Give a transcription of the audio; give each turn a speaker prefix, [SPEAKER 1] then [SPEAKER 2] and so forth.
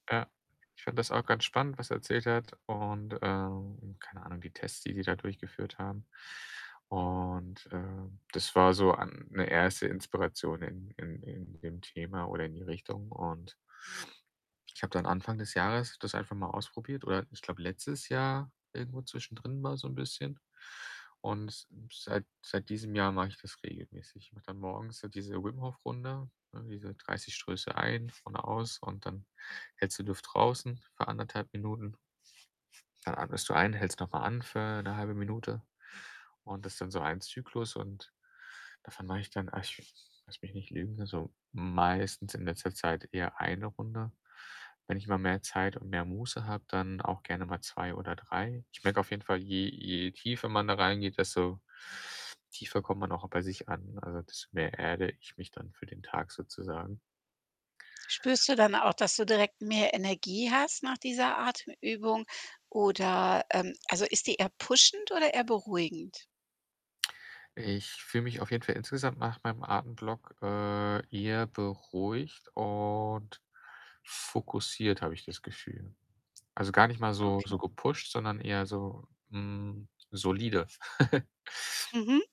[SPEAKER 1] Ja. Ich fand das auch ganz spannend, was er erzählt hat und, ähm keine Ahnung, die Tests, die die da durchgeführt haben und, äh, das war so an 'ne 1. Inspiration in in in dem Thema oder in die Richtung und ich habe dann Anfang des Jahres das einfach mal ausprobiert oder, ich glaube, letztes Jahr irgendwo zwischendrin mal so 'n bisschen und s seit seit diesem Jahr mache ich das regelmäßig. Ich mache dann morgens so diese Wim-Hof-Runde, ne, diese 30 Stöße ein, vorne aus und dann hältst du die Luft draußen für 1 1/2 Minuten. Dann atmest du ein, hältst noch mal an für 'ne 1/2 Minute. Und das ist dann so ein Zyklus und davon mache ich dann ach, lass mich nicht lügen also, meistens in letzter Zeit eher 1 Runde. Wenn ich mal mehr Zeit und mehr Muße habe, dann auch gerne mal 2 oder 3. Ich merke auf jeden Fall, je je tiefer man da reingeht, desto tiefer kommt man auch bei sich an. Also, desto mehr erde ich mich dann für den Tag sozusagen.
[SPEAKER 2] Spürst du dann auch, dass du direkt mehr Energie hast nach dieser Atemübung oder, ähm also, ist die eher pushend oder eher beruhigend?
[SPEAKER 1] Ich fühle mich auf jeden Fall insgesamt nach meinem Atemblock, äh, eher beruhigt und fokussiert, habe ich das Gefühl. Also, gar nicht mal so
[SPEAKER 2] Okay.
[SPEAKER 1] so gepusht, sondern eher so, hm, solide.
[SPEAKER 2] Mhm.